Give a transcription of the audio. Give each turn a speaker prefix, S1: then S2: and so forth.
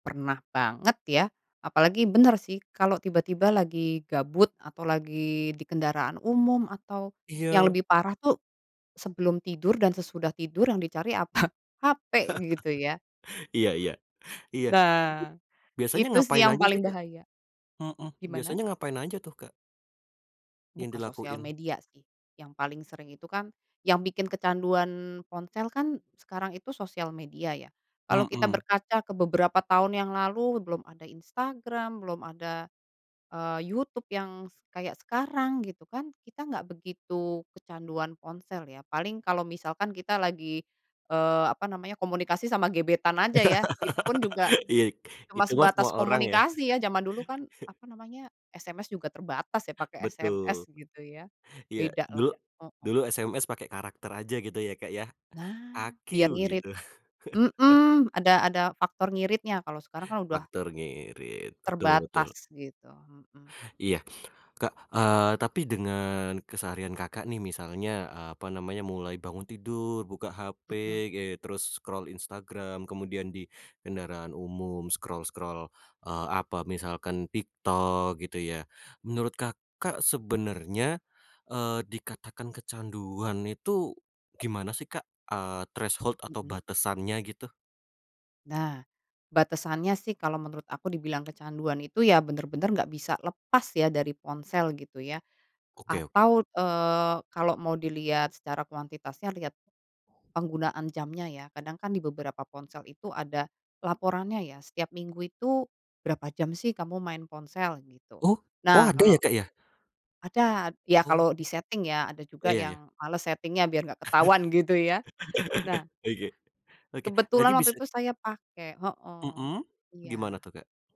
S1: Pernah banget ya, apalagi bener sih kalau tiba-tiba lagi gabut, atau lagi di kendaraan umum, atau yang
S2: Iya.
S1: lebih parah tuh sebelum tidur dan sesudah tidur yang dicari apa? Hape gitu ya.
S2: Iya iya, iya. Tapi,
S1: Nah,
S2: biasanya
S1: itu sih
S2: ngapain
S1: yang
S2: aja sih,
S1: paling
S2: Kak?
S1: bahaya.
S2: Mhm.
S1: Gimana?
S2: Biasanya ngapain aja tuh, Kak? Yang
S1: Buka sosial
S2: dilakuin?
S1: media sih, yang paling sering itu kan, yang bikin kecanduan ponsel kan sekarang itu sosial media ya. Kalau kita
S2: Mhm.
S1: berkaca ke beberapa tahun yang lalu belum ada Instagram, belum ada, eee, YouTube yang s kayak sekarang gitu kan, kita gak begitu kecanduan ponsel ya, paling kalau misalkan kita lagi, eee, apa namanya komunikasi sama gebetan aja ya, itu pun juga
S2: Iya y
S1: cuma
S2: itu mah semua
S1: sebatas
S2: orang ya.
S1: komunikasi ya, zaman dulu kan apa namanya, SMS juga terbatas ya pakai
S2: Betul.
S1: SMS gitu ya.
S2: Iya
S1: Bedalah,
S2: dulu
S1: heeh.
S2: dulu SMS pakai karakter aja gitu ya, Kak, ya,
S1: Nah
S2: "A-Q"
S1: biar ngirit.
S2: gitu.
S1: Mhm, ada ada faktor ngiritnya kalau sekarang kan udah
S2: Faktor ngirit, betul betul.
S1: terbatas gitu, heeh.
S2: Iya. Kak, eee, tapi dengan keseharian Kakak nih misalnya, eee, apa namanya mulai bangun tidur, buka
S1: Mhm.
S2: hape, eee, terus scroll Instagram, kemudian di kendaraan umum scroll-scroll, eee, apa misalkan TikTok gitu ya, menurut Kakak sebenarnya, eee, dikatakan kecanduan itu gimana sih, Kak, eee, threshold atau
S1: Mhm.
S2: batasannya gitu?
S1: Nah, batasannya sih kalau menurut aku dibilang kecanduan itu ya bener-bener nggak bisa lepas ya dari ponsel gitu ya.
S2: Oke oke.
S1: Atau, eee, kalau mau dilihat secara kuantitasnya, lihat penggunaan jamnya ya, kadang kan di beberapa ponsel itu ada laporannya ya, setiap minggu itu berapa jam sih kamu main ponsel gitu.
S2: Oh oh
S1: Nah
S2: ada
S1: kalau
S2: ya, Kak, ya?
S1: ada, ya kalau
S2: Oke,
S1: diseting ya, ada juga
S2: iya iya.
S1: yang males setingnya biar gak ketahuan gitu ya, nah
S2: Oke, oke jadi
S1: kebetulan waktu
S2: bisa
S1: itu saya pakai, heeh
S2: Mhm,
S1: iya.
S2: gimana tuh, Kak?